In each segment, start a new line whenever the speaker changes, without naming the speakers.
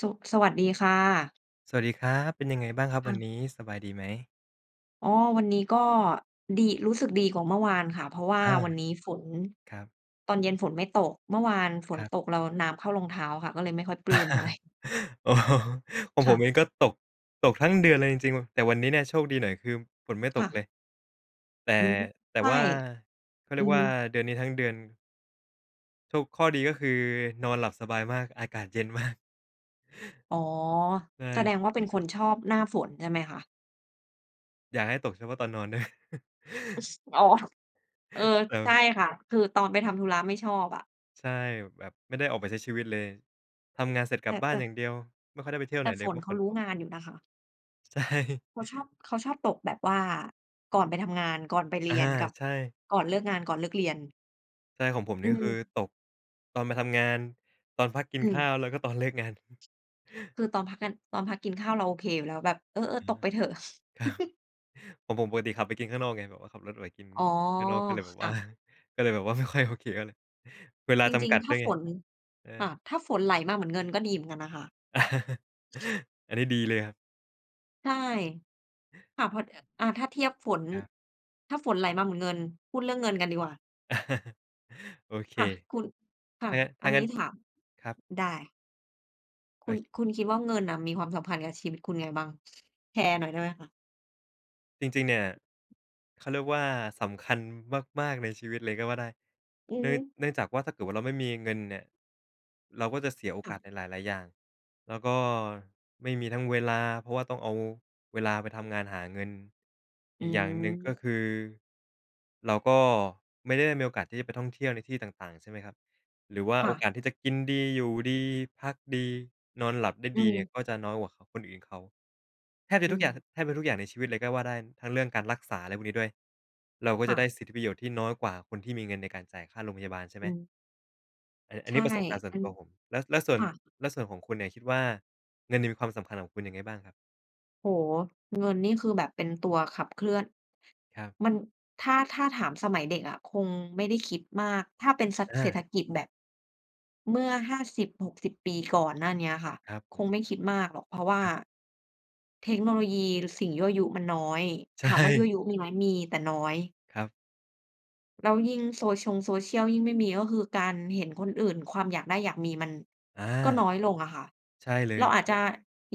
สุ สวัสดีค่ะ
สวัสดีครับ เป็นยังไงบ้างครับ
ค
วั
่
น
ะ
นี้? สบายดีไหม?
อ๋อ วันนี้ก็ ดี รู้สึกดีกว่าเมื่อวานค่ะ เพราะว่า
อา
วันนี้ฝน
ครับ
ตอนเย็นฝนไม่ตก เมื่อวานฝ
ค
น
รับ
ตกแล้วน้ำเข้ารองเท้าค่ะ ก็เลยไม่ค่อยปลื้มเท่าไร
อ๋อ ของ
ค
ผ
่
ม
ะ
เองก็ตก ตกทั้งเดือนเลยจริง ๆ ว แต่วันนี้เนี่ย โชคดีหน่อยคือฝนไม่ต
ค่
กเล
ะ
ย แต่
อืม
แต
ใ
่
ช่
ว่า เขาเ
อ
ร
ื
ีย
อ
กว
ฮ
่
ึ
า เดือนนี้ทั้งเดือน ถูก ข้อดีก็คือนอนหลับสบายมาก อากาศเย็นมาก
อ๋อ
ใช
แสด
่
งว่าเป็นคนชอบหน้าฝน ใช่ไหมคะ?
อยากให้ตกเฉพาะตอนนอน เนาะ
อ๋อ เออ
ครั
ใช
บ
่ค่ะ คือตอนไปทำธุระ ไม่ชอบอะ
ใช่ แบบไม่ได้ออกไปใช้ชีวิตเลย ทำงานเสร็จ
แ
ก
ต
ลั
่
บบ้า
แต
น
่
อย่างเดียว ไม่ค่อยได้ไปเที่ยว
แ
ไ
ต
หน
่
เ
ฝ
ลย เพ
น
รา
เ
ะ
ข
ฝ
า
น
รู
ต
้
ก
งานอยู่นะคะ
ใช่
เขาชอบ เขาชอบตกแบบว่าก่อนไปทำงาน ก่อนไปเ
อ
ร
า
ียน กับ
ใช่
ก่อนเลิกงาน ก่อนเลิกเรียน
ใช่ ของผม
อ
น
ื
ี่ ก็คื
ม
อตกตอนมาทำงาน ตอนพักกิ
อ
นข
ื
้
ม
าว แล้วก็ตอนเลิกงาน
คือตอนพักกัน ตอนพักกินข้าว เราโอเคอยู่แล้ว แบบ เออ
อื
ๆ ต
ม
กไปเถอะ
ครับ ผม ผมปกติขับไปกินข้างนอกไง แบบว่าขับรถออกไปกิน
อ๋อ
ข้างนอก ก็เลยแบ
ค
บว
่
่า
ะ
ก็เลยแบบว่า ไม่ค่อยโอเคเท่าไร เวลา
จ
จ
ริ
ำก
ง
ัด
ๆ ถ
ด
้
้ว
า
ยไ
ฝ
ง
น
เอ
ค
อ
่ะ ถ้าฝนไหลมาเหมือนเงินก็ดีเหมือนกันนะคะ
อันนี้ดีเลยครับ
ใช่ ค่ะ พอ อ อา ถ้าเทียบฝน
ครับ
ถ้าฝนไหลมาเหมือนเงิน พูดเรื่องเงินกันดีกว่า
โอเค
ค่ะ คุณ ค
ถ
่ะ
้างะ ถ
อ
้
ั
า
น
ง
น
ั
ี
้
้
น
ถาม
ครับ
ได้ ค
เฮ
ุ
้
ณ
ย
คุณคิดว่าเงินน่ะ มีความสัมพันธ์กับชีวิตคุณไงบ้าง? แชร์หน่อยได้ไหมคะ?
จริง ๆ เนี่ย เขาเรียกว่า สำคัญมาก ๆ ในชีวิตเลยก็ว่าได้
อือ
เนื่
ฮ
อง
ึ
เนื่องจากว่า ถ้าเกิดว่าเราไม่มีเงินเนี่ย เราก็จะเสียโอ
ค
ก
่
าส
ะ
ในหลาย ๆ อย่าง แล้วก็ไม่มีทั้งเวลา เพราะว่าต้องเอาเวลาไปทำงานหาเงิน
อ
อ
ื
ีกอย่างหนึ่ง ก็
ม
คือ เราก็ไม่ได้มีโอกาสที่จะไปท่องเที่ยวในที่ต่าง ๆ ใช่ไหมครับ หรือว่า
ค
โ
่
อ
ะ
กาสที่จะกินดี อยู่ดี พักดี นอนหลับได้
อื
ดีเนี่
ม
ย ก็จะน้อยกว่าคนอื่นเขา แทบจ
อ
ะ
ื
ทุกอย่าง
ม
แทบจะทุกอย่างในชีวิตเลยก็ว่าได้ ทั้งเรื่องการรักษา อะไรพวกนี้ด้วย เราก็
ค
จะ
่
ได
ะ
้สิทธิประโยชน์ที่น้อยกว่าคนที่มีเงินในการจ่ายค่าโรงพยาบาล ใช่ไ
อ
หม
ืม
เออ อั
ใ
น
ช
นี้
่
ประสบการณ์ส่ว
อ
น
ั
ต
น
ัวผม แล้ว แล้วส่ว
ค
น
่ะ
แล้วส่วนของคุณเนี่ยคิดว่า เงินเนี่ยมีความสำคัญกับคุณยังไงบ้างครับ?
โอ้โฮ! เงินนี่คือแบบเป็นตัวขับเคลื่อน
ครับ
มัน ถ้า ถ้าถามสมัยเด็กอะคงไม่ได้คิดมาก ถ้าเป็นสัก
อ
เศรษ
า
ฐกิจแบบ เมื่อ 50-60 ปีก่อนหน้าเนี้ยค่ะ
ครับผ
ค
ม
งไม่คิดมากหรอก เพราะว่า
ครับ
เทคโนโลยี ร สิ่งยั่วยุมันน้อย
ใช
ถามว่ายั่
่
วยุมีไหม? มี แต่น้อย
ครับ
แล้วยิ่งโซชง โซเชียล ยิ่งไม่มี ก็คือการเห็นคนอื่น ความอยากได้ อยากมี มัน
อา
ก็น้อยลงอะค่ะ
ใช่เล
เรา
ย
อาจจะ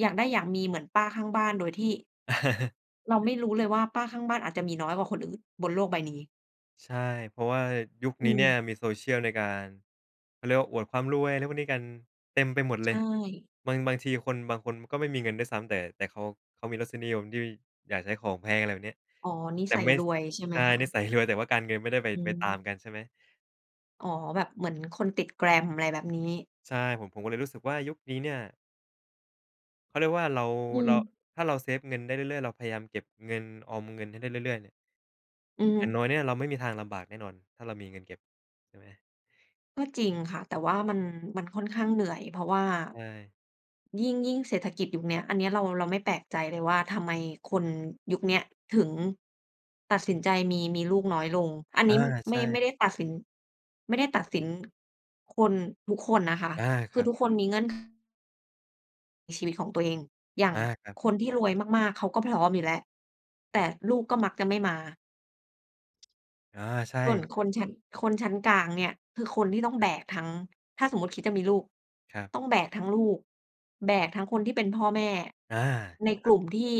อยากได้ อยากมี เหมือนป้าข้างบ้านโดยที่ เราไม่รู้เลยว่าป้าข้างบ้านอาจจะมีน้อยกว่าคนอื่นบนโลกใบนี้
ใช่ เพราะว่ายุค
อื
นี้เนี่ย
ม
มีโซเชียลในการ เขาเรียกว่าอวดความรวยอะไรพวกนี้กันเต็มไปหมด
ใ
เล
ช
ย
่
บาง บางทีคน บางคนก็ไม่มีเงินด้วยซ้ำ แต่ แต่เขา เขามีรสนิยมที่อยากใช้ของแพง อะไรแบบเนี้ย
อ๋อ นิ
แต่
สัย
ไม่
ร
ส
วยใช่ไห
ใ
ม
ช่
คะ
นิสัยรวย แต่ว่าการเงินไม่ได้ไป
อื
ไปตาม
ม
กัน ใช่ไหม?
อ๋อ แบบเหมือนคนติด glam อะไรแบบนี้
ใช่ ผม ผมก็เลยรู้สึกว่ายุคนี้เนี่ย เขาเรียกว่าเรา
อื
เรา
ม
ถ้าเราเซฟเงินได้เรื่อย ๆ เราพยายามเก็บเงิน ออมเงินให้ได้เรื่อย ๆ เนี่ย
อือฮ
อ
ึ
ย่างน้อยเนี่ยเราไม่มีทางลำบากแน่นอน ถ้าเรามีเงินเก็บใช่ไหม?
ก็จริงค่ะ แต่ว่ามัน มันค่อนข้างเหนื่อย เพราะว่า
ใช่
ยิ่ง ยิ่งเศรษฐกิจยุคเนี้ย อันเนี้ยเรา เราไม่แปลกใจเลยว่าทำไมคนยุคเนี้ยถึงตัดสินใจมี มีลูกน้อยลง อัน
อ
น
า
ี้ ม
ใ
ไม
ช
่ ไม
่
่ได้ตัดสิน ไม่ได้ตัดสิน คนทุกคนนะคะ
อา
ค
ค
ื
รั
อ
บ
ทุกคนมีเงื่อน ในชีวิตของตัวเอง อย่าง
อา ครับ
คนที่รวยมาก ๆ เขาก็พร้อมอยู่แล้ว แต
ครั
่
บ
ลูกก็มักจะไม่มา
อา ใช
ส่วน
่
คนชั้น คนชั้นกลางเนี่ย คือคนที่ต้อง
คร
แ
ั
บ
บ
กทั้ง ถ้าสมมุติคิดจะมีลูก
ครับ
ต้องแบกทั้งลูก แบกทั้งคนที่เป็นพ่อแม่
อา
ใน
คร
ก
ั
ล
บ
ุ่มที่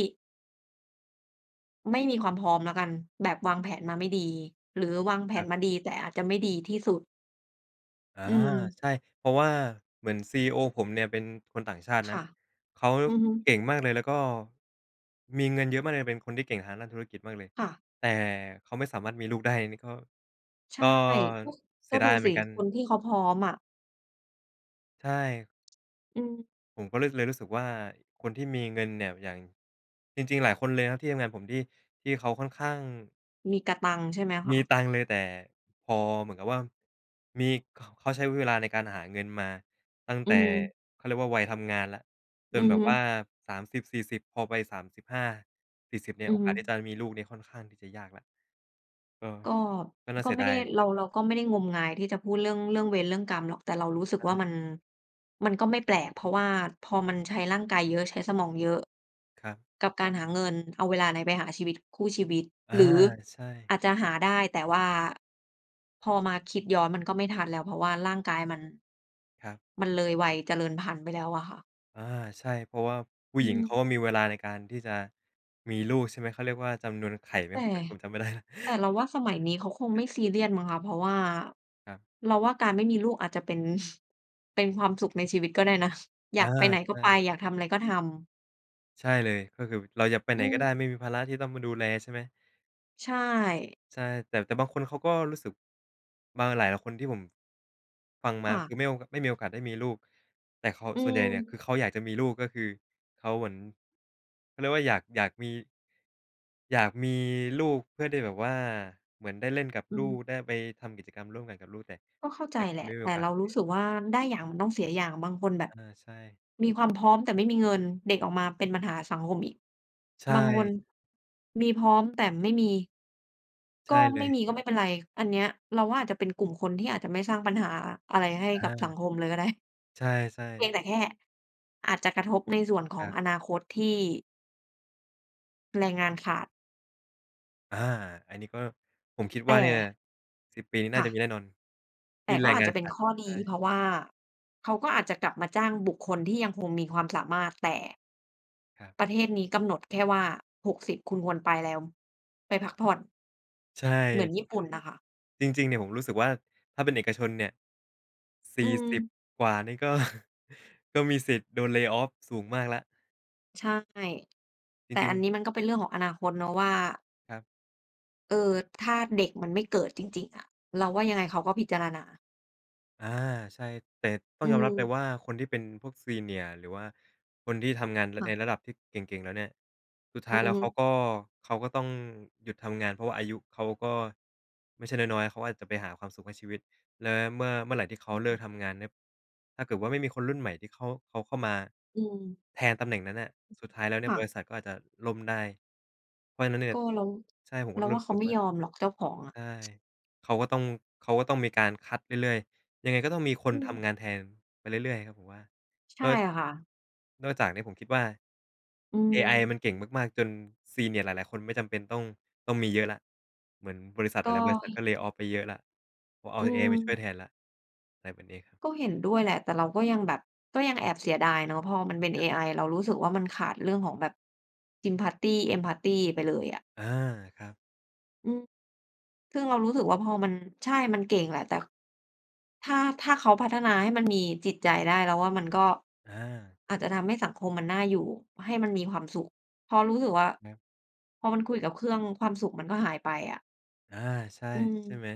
ไม่มีความพร้อมแล้วกัน แบบวางแผนมาไม่ดีหรือวางแผ
ครั
น
บ
มาดี แต่อาจจะไม่ดีที่สุด
อา
อืม
ใช่ เพราะว่าเหมือนซีอีโอผมเนี่ย เป็นคนต่างชาติ
ค
น
่
ะ
ะ
เขา
อือฮึ
เก่งมากเลยแล้วก็มีเงินเยอะมากเลย เป็นคนที่เก่งทางด้านธุรกิจมากเลย
ค่ะ
แต่เขาไม่สามารถมีลูกได้ นี่ก็
ใช
ก
่
็
ก็
เส
ก
ี
็
ยด
ดู
ายเหม
สิ
ือนกัน
คนที่เขาพร้อมอะ
ใช่
อืม
ผมก็เลย เลยรู้สึกว่า คนที่มีเงินเนี่ย อย่าง จริง ๆ หลายคนเลยครับที่ทำงานผม ที่ ที่เขาค่อนข้าง
มีกะตังค์ใช่ไหมค
มี
ะ?
ตังค์เลย แต่พอเหมือนกับว่ามี เขาใช้เวลาในการหาเงินมาตั้ง
อื
แต่
ม
เขาเรียกว่าวัยทำงานแล้ว จ
อื
น
อ
แบบ
ฮ
ว่
ึ
า 30-40 พอไป 35-40 เนี่
อ
ย
ื
โอ
อ
ก
ฮ
า
ึ
สที่จะมีลูกเนี่ย ค่อนข้างที่จะยากละ เออ
ก็
ก็น่า
ก
เ
็
สี
ไ
ย
ม่
ด
ไ
า
ด้
ย
เรา เราก็ไม่ได้งมงาย ที่จะพูดเรื่อง เรื่องเวรเรื่องกรรมหรอก แต่เรารู้สึ
ใช
กว่า
่
มัน มันก็ไม่แปลก เพราะว่าพอมันใช้ร่างกายเยอะ ใช้สมองเยอะ
ครับ
กับการหาเงินเอาเวลาไหนไปหาชีวิต คู่ชีวิต
อา
หรือ
ใช่
อาจจะหาได้ แต่ว่าพอมาคิดย้อนมันก็ไม่ทันแล้ว เพราะว่าร่างกายมัน
ครับ
มันเลยวัยเจริญพันธุ์ไปแล้วอะค่ะ
อา ใช่ เพราะว่าผู้
อ
ห
ื
ญิงเขา
ม
ก็มีเวลาในการที่จะมีลูก ใช่ไหม เขาเรียกว่าจำนวนไข่ไหม?
แต่
ผมเป็นคนจำไม่ ได้แล้ว
แต่เราว่าสมัยนี้เขาคงไม่ซีเรียสมั้งคะ เพราะว่า
ครับ
เราว่าการไม่มีลูกอาจจะเป็น เป็นความสุขในชีวิตก็ได้นะ อ
อ
ย
า
ากไปไหน
ใ
ก
ช
็ไป
่
อยากทำอะไรก็ทำ
ใช่เลย ก็คือเราจะไปไ
อ
ห
ื
นก็ได้
ม
ไม่มีภาระที่ต้องมาดูแล ใช่ไหม?
ใช่
ใช่ แต่ แต่บางคนเขาก็รู้สึก มาหลายคนที่ผม ฟังม
ค
า
่
ค
ะ
ือไม่โอ ก ไม่มีโอกาสได้มีลูก แต่คอ
อื
ส่วนใหญ่เนี่ยค
ม
ือเขาอยากจะมีลูก ก็คือเขาเหมือน เขาเรียกว่าอยาก อยากมี อยากมีลูกเพื่อได้แบบว่า เหมือนได้เล่นกับ
อื
ลูก
ม
ได้ไปทำกิจกรรมร่วมกันกับลูก แต่
ก็เข้าใ
แ
จ
ต่ก
แ
็
หล
ไม
ะ
่มี
แ
โ
ต
อ
่
กา
เ
ส
ราร
เ
ู
ง
้
ี้ย
สึกว่า ได้อย่างมันต้องเสียอย่าง บางคนแบ
อ
บ
า ใช่
มีความพร้อมแต่ไม่มีเงิน เด็กออกมาเป็นปัญหาสังคมอีก
ใช
บางคน
่
มีพร้อม แต่ไม่มี
ใช
ก็
่เล
ไม่
ย
มี ก็ไม่เป็นไร อันเนี้ยเราว่า อาจจะเป็นกลุ่มคนที่อาจจะไม่สร้างปัญหาอะไรให้
อ
กับสั
า
งคมเลยก็ ได้
ใช่
เพี
ๆ
ยงแต่แค่อาจจะกระทบในส่วนข
ค
อ
ร
ง
ับ
อนาคตที่ แรงงานขาด
อา อันนี้ก็ผมคิด
แต
ว่าเนี่ย
่
10 ปีนี้น
ค
่า
่
จะมี
ะ
แน่นอนท
แต
ี่
่
แ
ก
ร
็
ง
อา
ง
จ
า
จ
น
ะเป
ข
็น
าด
ข้อ
ใ
ด
ช
ี
่
เพราะว่าเขาก็อาจจะกลับมาจ้างบุคคลที่ยังคงมีความสามารถ แต่
ครับ
ประเทศนี้กำหนดแค่ว่า 60 คุณควรไปแล้ว ไปพักผ่อน
ใช
เหมื
่
อนญี่ปุ่นน่ะค่ะ
จริง ๆ เนี่ยผมรู้สึกว่า ถ้าเป็นเอกชนเนี่ย ส
อื
ี่สิบ
ม
กว่านี่ ก็ ก็มีสิทธิ์โดน lay off สูงมากแล้ว
ใช่
จ
แต่
ริ
อ
ง
ัน
ๆ
นี้มันก็เป็นเรื่องของอนาคตเนาะว่า
ครับ
เออ ถ้าเด็กมันไม่เกิดจริง ๆ อะ เราว่ายังไงเขาก็พิจารณา
อา ใช่ แต่ต้อ
อ
ง
ื
ยอมรับเลย
ม
ว่าคนที่เป็นพวก Senior หรือว่าคนที่ทำงาน
ค
ใ
่
น
ะ
ร ระดับที่เก่ง ๆ แล้วเนี่ย สุดท้
อ
า
ื
ยแ
อ
ล้ว
ฮึ
เขาก็ เขาก็ต้องหยุดทำงาน เพราะว่าอายุเขาก็ไม่ใช่น้อย ๆ เขาอาจจะไปหาความสุขในชีวิต และเมื่อ เมื่อไรที่เขาเลิกทำงานเนี่ย ถ้าเกิดว่าไม่มีคนรุ่นใหม่ที่เขา เขาเข้ามา
อืม
แทนตำแหน่งนั้นน่ะ สุดท้ายแล้วเนี
ค
่ย
่
บร
ะ
ิษัทก็อาจจะล่มได้ เพราะฉะนั้นเนี่
ก
ย
็เรา
ใช่ ผมก
เร
็
า
ร
ว
ู
่
้
าเข
ส
า
ึก
ไม่
ว่า
ยอมหรอก เจ้าของอ
ใ
ะ
ช่ เขาก็ต้อง เขาก็ต้องมีการคัดเรื่อย ๆ ยังไงก็ต้องมีค
อ
น
ื
ทำง
ม
านแทนไปเรื่อย ๆ ครับผมว่า
ใช
น
่ค่ะ
นอกจากนี้ผมคิดว่า
อื
เอไอ
ม
มันเก่งมาก ๆ จน senior หลาย ๆ คนไม่จำเป็นต้อง ต้องมีเยอะแล้ว เหมือนบริษัทห
ก
ล
็
าย ๆ บริษัทก็ lay off ไปเยอะแล้ว ก็เอา
อื
เอไอมาช่วยแท
ม
นแล้ว อะไรแบบนี้
ก็เห็นด้วยแหละ แต่เราก็ยังแบบก็ยังแอบเสียดายเนาะ พอมันเป็นเอไอเรารู้สึกว่ามันขาดเรื่องของแบบ sympathy empathy ไปเลยอะ
อา ครับ
อือ ซึ่งเรารู้สึกว่าพอมัน ใช่ มันเก่งแหละ แต่ ถ้า ถ้าเขาพัฒนาให้มันมีจิตใจได้เราว่า มันก็
อา
อาจจะทำให้สังคมมันน่าอยู่ ให้มันมีความสุข เพราะรู้สึกว่า
ครับ
พอมันคุยกับเครื่องความสุขมันก็หายไปอะ
อา ใช่
อื
ใช่
ม
ไหม?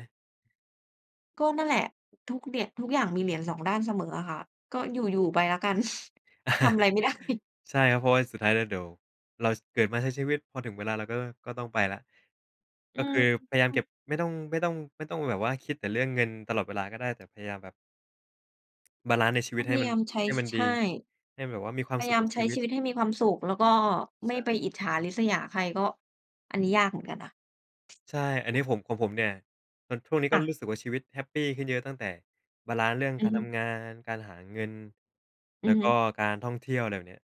ก็นั่นแหละ ทุกเหยี่ยง ทุกอย่างมีเหรียญสองด้านเสมออะค่ะ ก็อยู่ ๆ ไปแล้วกัน ทำอะไรไม่ได้
ใช่ครับ เพราะว่าสุดท้ายแล้วเดี๋ยวเราเกิดมาใช้ชีวิต พอถึงเวลาเราก็ ก็ต้องไปแล้ว ก
อื
็ค
อ
ือพยายาม
อื
เก็
ม
บ ไม่ต้อง ไม่ต้อง ไม่ต้องแบบว่า คิดแต่เรื่องเงินตลอดเวลาก็ได้ แต่พยายามแบบ บาลันซ์ในชี
ก
วิ
็
ตใ
พ
ห้
ย
มั
า
น
ยามใช้
ให้มัน
ใ
ด
ช
ี
่
ให้มันแบบว่า มีควา
พ
ม
ย
สุ
าย
ข
า
ก
ม
ับ
ใ
ช
ช้
ีวิ
ชี
ต
วิตให้มีความสุข แล้วก็ไ
ใ
ม
ช
่ไป
่
อิจฉาริษยาใคร ก็อันนี้ยากเหมือนกันนะ
ใช่ อันนี้ผม ของผมเนี่ย ช่วงนี้ก
ค
็
่
ร
ะ
ู้สึกว่าชีวิตแฮปปี้ขึ้นเยอะ ตั้งแต่บาลันซ์เรื่อง
อื
กา
อ
ร
ฮ
ท
ึ
ำงาน การหาเงิน แ
อ
ล
ื
้
อ
ว
ฮ
ก
ึ
็การท่องเที่ยว อะไรแบบเนี้ย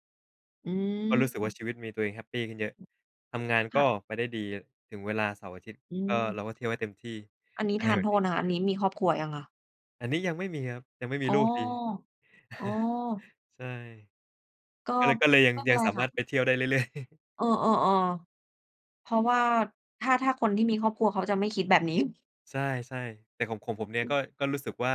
อื
ก็รู้สึกว่า
อ
ชีวิตมีตัวเองแฮปปี้ขึ้นเยอะ ทำงาน
ค
ก
่ะ
็ไปได้ดีถึงเวลาเสาร์อาทิตย์
อื
ก็
อ
เราก็เที่ยวให้เต็มที่
อันนี้
อะไ
ท
ร
า
แ
น
บ
โ
บเนี้ย
ทษนะคะ อันนี้มีครอบครัวยังคะ?
อันนี้ยังไม่มีครับ ยังไม่มี
อ๋อ
ลูกดี
อ๋อ
ใช่
ก็
ก็เลย ก็เลยยัง
ไม่เป
ย
็
ั
น
ง
ไร
สาม
ค
า
่
รถไป
ะ
เที่ยวได้เรื่อย ๆ
เออ ๆ ๆ เพราะว่าถ้า ถ้าคนที่มีครอบครัวเขาจะไม่คิดแบบ นี้
ใช่ ๆ แต่ของผม ผมเนี่ยก็ ก็รู้สึกว่า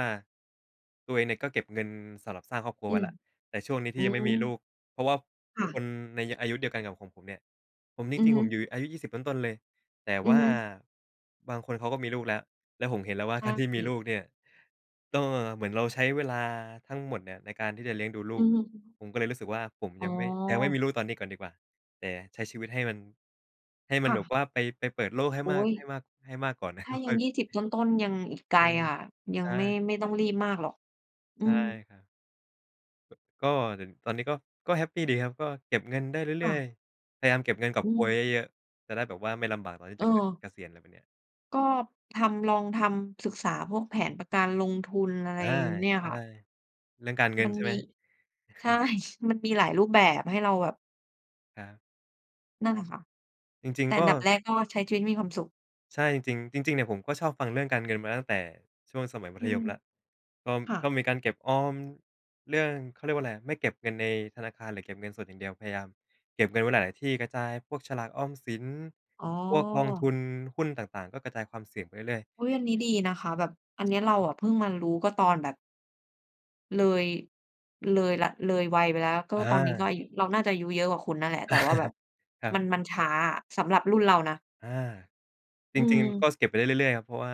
ตัวเองเนี่ยก็เก็บเงินสำหรับสร้างครอบครัว
อ
ไ
ื
ว้
อ
แล้ว แต่ช่วงนี้ที
อื
่ยังไม่มีล
ม
ูก เพราะว่า
ค่
ค
ะ
นในอายุเดียวกันกับของผมเนี่ย ผมนี่
อื
จ
อ
ริง
ฮ
ๆ
ึ
ผมอยู่ อายุ 20 ต้น ๆ เลย แต่
อื
ว่
อ
า
ฮึ
บางคนเขาก็มีลูกแล้ว แล้วผมเห็นแล้วว่า
ใช
ก
่
ารที่มีลูกเนี่ยต้อง เหมือนเราใช้เวลาทั้งหมดเนี่ยในการที่จะเลี้ยงดูล
อ
ู
ื
ก
อฮึ
ผมก็เลยรู้สึกว่า ผม
อ๋
ยั
อ
งไม่ ยังไม่มีลูกตอนนี้ก่อนดีกว่า แต่ใช้ชีวิตให้มัน ให้มั
ค
น
่
แบบ
ะ
ว่าไป ไปเปิดโลกให้
โอ๊
มาก
ย!
ให้มาก ให้มากก่อนนะ
ถ้
ก
า
็
ย
ค
ั
่อ
ง 20
ย
ต้น ๆ ยังอีกไกล
เออ
ค่ะ ยั
ใช
งไม่
่
ไม่ต้องรีบมากหรอก อื
ใช่
อ
ครับ ก็เหิน ตอนนี้ก็ ก็แฮปปีดีครับ ก็เก็บเงินได้เ
ค
รื
่
่อย
ะ
ๆ พยายามเก็บเงินกอ
อ
บโ
ื
กย
ม
เยอะ ๆ จะได้แบบว่า ไม่ลำบากตอนที่
เ
จะ ก
ออ
เกษียณ อะไรแบบเนี้ย
ก็ทำ ลองทำศึกษาพวกแผนประกันลงทุนอะไร
อา
เนี่ย
ใช
ค่
่
ะ
เรื่องการเงิ
ม
น
ัน
ใช่
ม
ไ
ี
หม?
ใช่ มันมีหลายรูปแบบ ให้เราแบบ
ครับ
นั่นแหละค่ะ
จริ
แ
ง
ต่
ๆ ก
อ
็
ันดับแรกก็ใช้ชีวิตให้มีความสุข
ใช่ จริง ๆ จริง ๆ เนี่ยผมก็ชอบฟังเรื่องการเงินมาตั้งแต่ช่วงสมัยมั
อื
ธย
ม
มแล้ว ก็
ค่
ก็
ะ
มีการเก็บออมเรื่อง เขาเรียกว่าไรอะ ไม่เก็บเงินในธนาคารหรือเก็บเงินสดอย่างเดียว พยายามเก็บเงินไว้หลาย ๆ ที่ กระจายพวกฉลากออมสิน
อ๋อ
พวกกองทุน หุ้นต่าง ๆ ก็กระจายความเสี่ยงไปเรื่อย ๆ
อุ๊ย! อันนี้ดีนะคะ แบบอันเนี้ยเราอะเพิ่งมารู้ก็ตอนแบบ เลย เลยละ เลยวัยไปแล้ว ก็
อ
ตอนนี้ก็อ
า
ายุ เราน่าจะอายุเยอะกว่าคุณนั่นแหละ แต่ว่าแบบ
ครั
มั
บ
น มันช้าอะสำหรับรุ่นเรานะ
อา
อ
จ
ื
ริง ๆ ก็
ม
ส เก็บไปได้เรื่อย ๆ ครับ เพราะว่า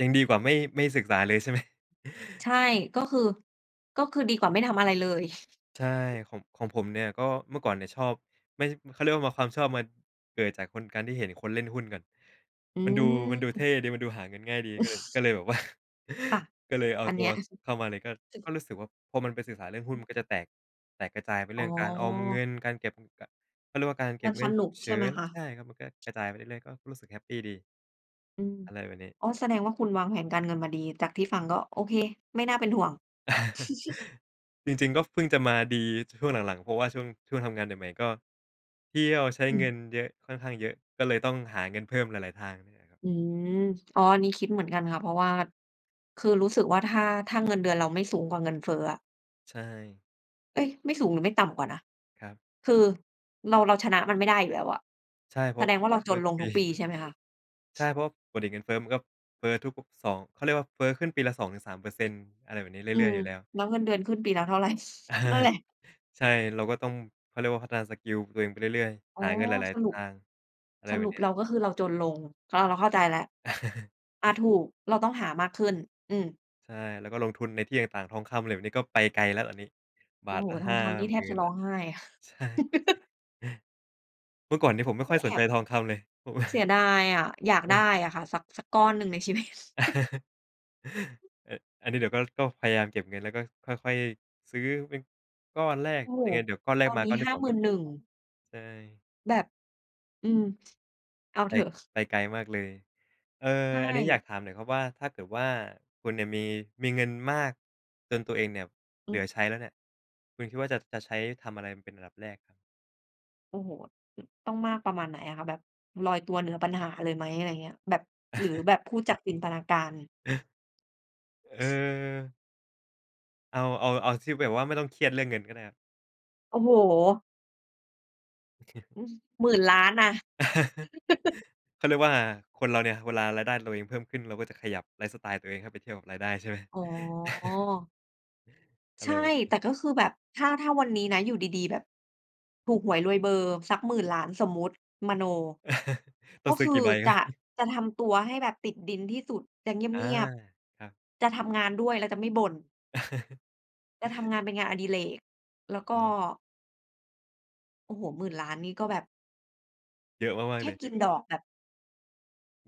ยังดีกว่าไม่ ไม่ศึกษาเลย ใช่ ไหม?
ใช่ ก็คือ ก็คือดีกว่าไม่ทำอะไรเลย
ใช่ ของ ของผมเนี่ยก็ เมื่อก่อนเนี่ยชอบไม่ เขาเรียกว่า ม่ะ ความชอบมันเกิดจากคน การที่เห็นคนเล่นหุ้นกัน
อื
มันดู มันดูเท
ม
่ดี มันดูหาเงินง่ายดี ก็เลย ก็เลยแบบ ว่า
ค่ะ
ก็เลยเอา
อัน
ต
เ
ั
นี
ว
้ย
เข้ามาเลย ก็ ก็รู้สึกว่า พอมันไปศึกษาเรื่องหุ้น
อื
ม
อ
ันก็จะแตก แตกกระจายไปเ
อ
ร
๋
ื่องการออมเง
อ
ิน การเก็บ กะ เขาเรียกว่า การเก
ม
็
ั
บ
น
เง
ส
ิน
น
ฉุ
ุก
กเฉ
ใช่
ิ
ไหม
น
คะ?
ใช่ครับ มันก็กระจายไปเรื่อย ๆ ก็รู้สึกแฮปปีดี
อืม
อะไรแบบนี้
อ๋อ แสดงว่า คุณวางแผนการเงินมาดี จากที่ฟังก็โอเค ไม่น่าเป็นห่วง
จริง ๆ ก็เพิ่งจะมาดีช่วงหลัง ๆ เพราะว่าช่วง ช่วงทำงานใหม่ ๆ ก็เที่ยวใช้
อื
เงิ
ม
นเยอะค่อนข้างเยอะ ก็เลยต้องหาเงินเพิ่มหลาย ๆ ทางนี่แหละครับ
อืม อ๋อ อันนี้คิดเหมือนกันค่ะ เพราะว่าคือรู้สึกว่า ถ้า ถ้าเงินเดือนเราไม่สูงกว่าเงินเฟ้ออะ
ใช่
เอ๊ย ไม่สูงหรือไม่ต่ำกว่านะ
ครับ
คือ เรา เราชนะมันไม่ได้อยู่แล้วอะ
ใช่ เพ
แส
ราะ
ดงว่าเราจนลงทุกปีใช่ไหมคะ?
ใช่ เพราะว่าปกติเงินเฟ้อ มันก็เฟ้อทุก ๆ 2 เขาเรียกว่าเฟ้อขึ้นปีละ 2-3% อะไรแบบนี้เร
อื
ื่อย
ม
ๆ อยู่แล้ว
แล้วเงินเดือนขึ้นปีละเท่า ไร นั่นแหละ?
ใช่ เราก็ต้อง เขาเรียกว่าพัฒนาสกิลตัวเองไปเรื่อย
อ
ๆ
๋อ
หาเงินหลาย
ส
ๆ ท
รุป
าง อะไร
ส
แบ
ร
บ
ุป
นี
เร
้
าก็คือเราจนลง อา เราเข้าใจล่ะ อา ถูก เราต้องหามากขึ้น อืม
ใช่ แล้วก็ลงทุนในที่ต่าง ๆ ทองคำ อะไรแบบนี้ ก็ไปไกลแล้วอันนี้ บ
โอ
า
้
ท
โฮ
ละ
ท
ห
อ
้
ง
า
คำนี่
ห
แ
ม
ท
ื
บ
่
จ
น
ะ
แ
ร
ล
้
้
อ
ว
งไห้
ใช่ เมื่อก่อนนี้ผมไม่
ค
ค
ื
่อ
อ
ยส
แอ
นใจ
บ
ทองคำเลย เพราะว่า
เสียดายอะ อยากได้
เออ
อะค่ะ สัก สักก้อนหนึ่ง ในชีวิต
อ อันนี้ เดี๋ยวก็ ก็พยายามเก็บเงินแล้วก็ค่อย ๆ ซื้อเป็นก้อนแรก
โอ้โฮ
ยังไงเดี๋ยวก้อนแร
ตอ
ก
น
มา
นี
ก
้
้อน
ห
ที
้
่
า
สอง
หมื
ก็
่น
มี
หนึ่ง
ใช่
แบบ อืม เอา
ไป
เถอะ
ไปไกลมากเลย เอ่
ใช
อ
่
อันนี้อยากถามหน่อยครับว่า ถ้าเกิดว่าคุณเนี่ยมี มีเงินมากจนตัวเองเนี่ยเ
อ
หลื
ืม
อใช้แล้วเนี่ย คุณคิดว่าจะ จะใช้ทำอะไรเป็นอันดับแรก?
โอ้โฮ อ ต้องมากประมาณไหนอะคะ แบบลอยตัวเหนือปัญหาเลยไหม? อะไรอย่างเงี้ย แบบ หรือแบบพูดจากจินตนาการ
เออ เอา เอา เอาที่แบบว่าไม่ต้องเครียดเรื่องเงินก็ได้ครับ
โอ้โฮ! อือ 10,000,000,000 นะ
เขาเรียกว่า อา คนเราเนี่ยเวลารายได้เราเองเพิ่มขึ้น เราก็จะขยับไลฟ์สไตล์ตัวเองให้ไปเทียบกับรายได้ใช่ไหม?
อ๋อ
อะ
ใช
ไร
่
แบบนี้
แต่ก็คือแบบถ้า ถ้าวันนี้นะ อยู่ดี ๆ แบบถูกหวยรวยเบอร์สัก 10,000,000,000 สมมุติ มโน
ต้
ก
อ
็
งซื
ค
้อ
ือ
กี่ใบ
จ
คร
ะ
ับ
จะทำตัวให้แบบติดดินที่สุด จะเ
อา
งียบ
ครับ
ๆ จะทำงานด้วย แล้วจะไม่บ่น จะทำงานเป็นงานอดิเรก แล้วก
อ
็
๋อ
โอ้โฮ 10,000,000,000 นี่ก็แบบ
เยอะมา
แ
ก
ค
ๆ เล
่
ย
กินดอกแบบ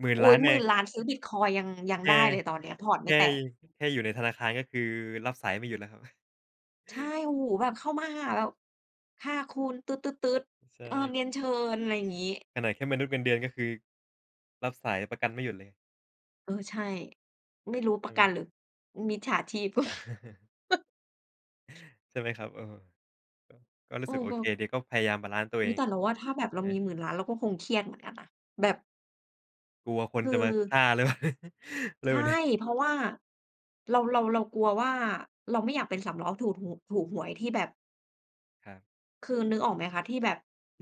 หมื่น
โอ๊
ล้า
ย
น เ
ห
อ
มื่
ง
นล้าน ซื้อบิตคอยน์ยัง ยั
แ
ง
ค่
ได้เลยตอนนี้อะ พอร์ต
แค
ไม่
่
แตก
แค่อยู่ในธนาคารก็คือรับสายไม่หยุดแล้วครับ
ใช่ โอ้โฮ แบบเข้ามาหาแล้ว ค่ะคุณ ตื๊ด ๆ
ใช
ๆ เออ
่
เรียนเชิญ อะไรอย่างงี้
ขนาดแค่มนุษย์เงินเดือน ก็คือ รับสายประกันไม่หยุดเลย
เออ ใช่ ไม่รู้ป
ใช่
ระ
ไห
ก
ม?
ันหรือมิจฉาชีพ
ใช่ไหมครับ? เออ ก็รู
เ
้
อ
สึกโอเค
อ ๆ
ดี ก็พยายามบาลันซ์ตัว
อ
เ
ุ
อ
๊ย
ง
แต่เราว่า ถ้าแบบ
ใช
เร
่
า
ไห
มี
ม?
10,000,000,000 เราก็คงเครียดเหมือนกันนะ แบบ
กลัวคน
คื
จะมาฆ
อ
่าหรือ เปล่า? อะไร
ใช
แบ
่
บ นี้
เพราะว่า เรา เรา เรากลัวว่า เราไม่อยากเป็นสามล้อถูดหู ถูกหวยที่แบบ
ครับ
คือนึกออกไหมคะ? ที่แบบ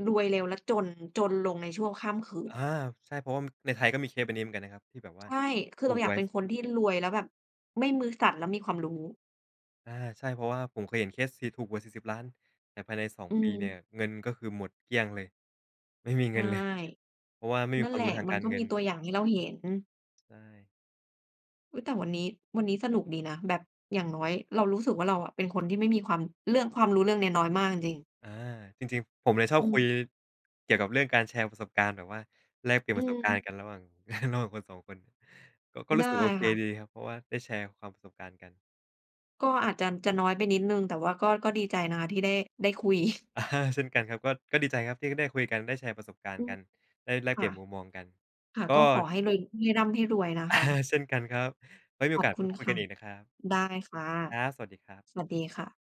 รวยเร็วแล้วจน จนลงในชั่วข้ามคื
อ
น
า
น่ะ
ใช่ เพราะว่ามัน ในไทยก็มีเคสแบบนี้เหมือนกันนะครับ ที่แบบว่า
ใช่ คือ
ถ
เ
ู
รา
ก
อย
ห
าก
วย
เป็นคนที่รวยแล้วแบบไม่มือสั่น และมีความรู้
อา ใช่ เพราะว่าผมเคยเห็นเคสที่ ถูกหวย 40,000,000 แต่ภายใน 2
อื
ปีเนี่
ม
ย เงินก็คือหมดเกลี้ยงเลย ไม่มี
ใช
เงิ
่
นเลย เพราะว่าไม่มี
นั่
ค
น
ว
แ
า
ห
ม
ละ
รู้ทาง
มั
ก
น
าร
ก็
เง
ม
ิ
ีตั
น
วอย่างให้เราเห็น
ใช่
อุ๊ย แต่วันนี้ วันนี้สนุกดีนะ แบบอย่างน้อยเรารู้สึกว่า เราอะเป็นคนที่ไม่มีความ เรื่อง ความรู้เรื่องนี้น้อยมากจริง ๆ
อา จริง ๆ ผมเนี่ยชอ
อ
บ
ื
คุ
ม
ยเกี่ยวกับเรื่องการแชร์ประสบการณ์ แบบว่าแลกเปลี่ยน
อื
ประสบการณ
ม
์กันระหว่าง ระหว่างคน 2 คน ก็ ก็ร
ไ
ู
ด
้
้
สึกโอเค
ค่ะ
ดีครับ เพราะว่าได้แชร์ความ ประสบการณ์กัน
ก็อาจจะ จะน้อยไปนิดหนึ่ง แต่ว่าก็ ก็ดีใจนะที่ได้ ได้คุย
อา เช่นกันครับ ก็ ก็ดีใจครับที่ก็ได้คุยกัน ได้แชร์ประสบการณ
อื
์ก
ม
ัน ได้แลก
ค
เป
่
ลี
ะ
่ยนมุมมองกัน
ค่ะ
ก็
ก็ขอให้รวย ให้ร่ำให้รวยนะ
อา
คะ
เช่นกันครับ ไว้มี
ข
โอ
อบ
กาส
ค
ไว
ุ
้
ณ
คุย
ค
กั
่ะ
นอีกนะครับ
ได้ค่ะ
ครับ สวัสดีครับ
สวัสดีค่ะ